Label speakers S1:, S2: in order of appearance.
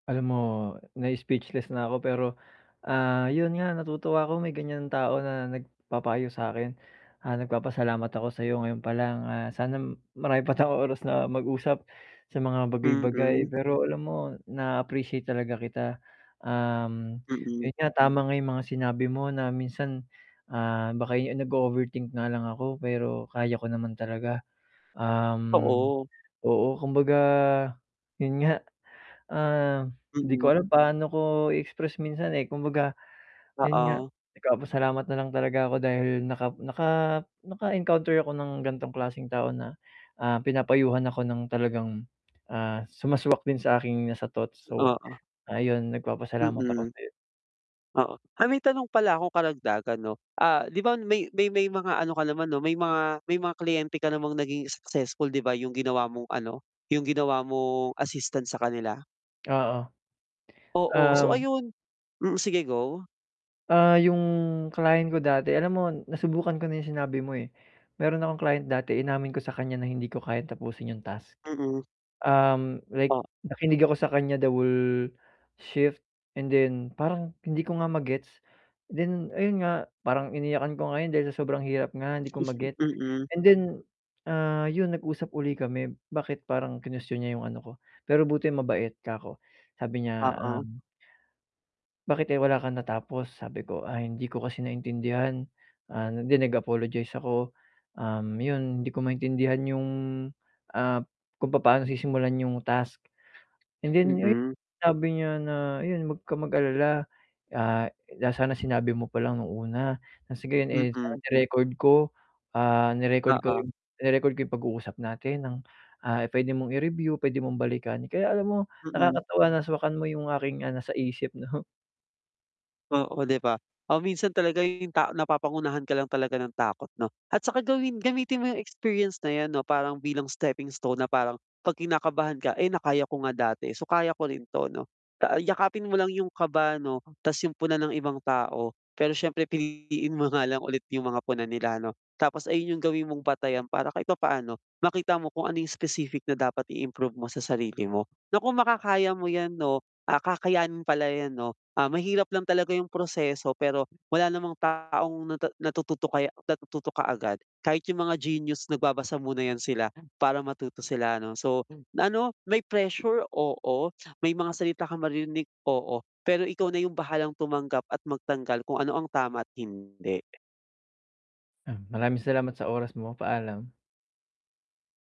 S1: Alam mo, na-speechless na 'ko. Pero ah, yun nga, natutuwa ako, may ganyan tao na nagpapayo sa akin. Ah, nagpapasalamat ako sayo ngayon pa lang. Ah, sana marami pa tayong oras na mag-usap sa mga bagay-bagay.
S2: Mhm.
S1: Pero alam mo, na-appreciate talaga kita. Um,
S2: Mm.
S1: yun nga tama nga yung mga sinabi mo na minsan, ah, baka eh nag-o-overthink nga lang ako pero kaya ko naman talaga. Um,
S2: Oo.
S1: oo, kumbaga yun nga. Ah, di
S2: Mm.
S1: ko alam paano ko i-express minsan eh. Kumbaga yun nga,
S2: Oo.
S1: nagpapasalamat nalang talaga ako dahil naka naka naka-encounter ako ng gantong klaseng tao na, ah, pinapayuhan ako ng talagang ah, sumaswak din sa aking nasa thoughts so,
S2: Oo.
S1: ayun nagpapasalamat ako
S2: Mm.
S1: sayo.
S2: Oo, ay may tanong pala akong karagdagan no. Ah, 'di ba may may may mga ano ka naman no may mga may mga kliyente ka namang naging successful 'di ba, yung ginawa mong ano yung ginawa mong assistant sa kanila.
S1: Oo.
S2: Oo. So
S1: Um
S2: ayun, mm, sige go.
S1: ah, yung client ko dati alam mo nasubukan ko na yung sinabi mo eh, meron akong client dati inamin ko sa kanya na hindi ko kayang tapusin yung task.
S2: Mm.
S1: Um, like
S2: O
S1: nakinig ako sa kanya the whole shift and then parang hindi ko nga ma-gets. Then, ayun nga, parang iniyakan ko yun dahil sa sobrang hirap nga hindi ko ma-gets
S2: Mm.
S1: and then, ah, yun nag-usap ulit kami. Bakit parang, kinuwestiyon niya yung ano ko, pero buti mabait, ka ko sabi niya,
S2: Oo.
S1: um, bakit eh wala kang natapos, sabi ko, ah hindi ko kasi maintindihan ah, and then nag apologize ako. Um, yun hindi ko maintindihan yung ah, kung papaano sisimulan yung task. And then ayu
S2: Mhm.
S1: sabi niya na, ayun, wag ka mag alala, ah, sana sinabi mo palang nung una. Ah sige, yun eh, sana
S2: Mm.
S1: ni-record ko. Ah, ni-record ko
S2: Oo.
S1: yung ire-record ko yung pag-uusap natin ng ah, pwede mong i-review, pwede mong balikan. Kaya alam mo,
S2: Mm.
S1: nakakatawa naswakan mo yung aking, ah, nasa isip no.
S2: Oo, 'di ba. Ah minsan talaga yung tao napapangunahan ka lang talaga ng takot 'no. At saka gawin gamitin mo yung experience na yan ano parang bilang stepping stone na parang, pag kinakabahan ka. Eh na kaya ko nga dati so kaya ko rin to 'no. Ah, yakapin mo lang yung kaba 'no 'tas yung puna ng ibang tao. Pero syempre piliin mo nga lang ulit yung mga puna nila 'no. Tapos ayun yung gawin mong batayan para kahit papaano, makita mo kung ano yung specific na dapat i-improve mo sa sarili mo. Nako kung makakaya mo yan 'no. Ah kakayanin pala yan 'no. Ah, mahirap lang talaga yung proseso pero, wala namang taong na natututo kaya o natututo kaagad. Kahit yung mga genius nagbabasa muna yan sila para matuto sila 'no. So, na ano may pressure, oo, may mga salita kang maririnig, oo, pero ikaw na yung bahalang tumanggap at magtanggal kung ano ang tama't hindi.
S1: Ah, maraming salamat sa oras mo paalam.